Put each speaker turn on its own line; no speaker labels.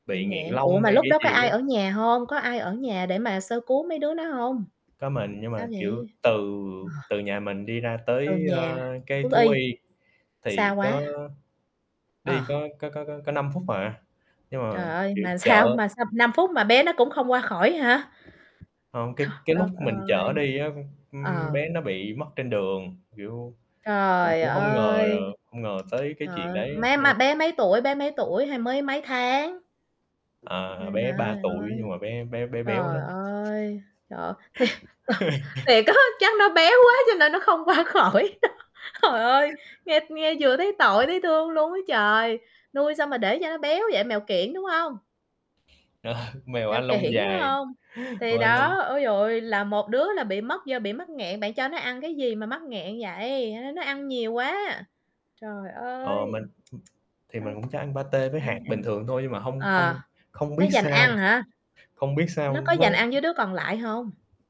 Bị
Bị nghẹn
nghẹn. Ủa,
lông
mà
hay
lúc
cái
đó có
gì
ai
á?
ở nhà hông? Có ai ở nhà để mà sơ cứu mấy đứa nó hông?
Có mình, nhưng
Sao
mà, kiểu,
vậy?
từ
Ờ.
từ nhà mình đi ra
Ờ,
tới, a,
nhà
cái
thú
thú
y.
y
Xa
thì có
quá.
đi
À.
có có có có có 5 phút à, nhưng
Trời
mà,
ơi,
kiểu,
mà sao
chợ
mà sao 5 phút mà bé nó cũng không qua khỏi hả?
Hông,
Th
cái cái lúc
đất
mình
ơi!
chở đi á, ưm,
Ờ.
bé nó bị mất trên đường, kiểu, mình
Trời
cũng hông ngờ là
ơi!
hông ngờ tới cái
Trời
chuyện
ơi,
đấy á,
bé mà
nên
bé mấy tuổi bé mấy tuổi, hay mới mấy tháng?
À,
Ơi
à, bé
trời
3
ơi.
tuổi, nhưng
Ơi.
mà bé bé bé béo
Trời
lắm.
ơi! Trời. Thiệt Thiệt á, chắc nó béo quá cho nên nó không qua khỏi đó. Trời ơi, nghe nghe vừa thấy tội, thấy thương luôn á trời, nuôi sao mà để cho nó béo vậy? Mèo kiểng, đúng hông?
Ờ, mèo
Mèo
Anh lông
kiểng, phải
dài,
hông? Thì
và lồng
đó, ôi giời ơi, là một đứa là bị mất do bị mắc nghẹn, bạn cho nó ăn cái gì mà mắc nghẹn vậy? Hay nó nó ăn nhiều quá. Trời
Ờ,
ơi!
mình hừm, thì mình cũng cho ăn patê với
Nó ăn
hạt
ăn
bình thường thôi, nhưng mà hông
ờ,
hông không
nó
biết
giành ăn
sao
hả?
không biết sao
Nó có
nó
giành ăn với đứa còn lại hông?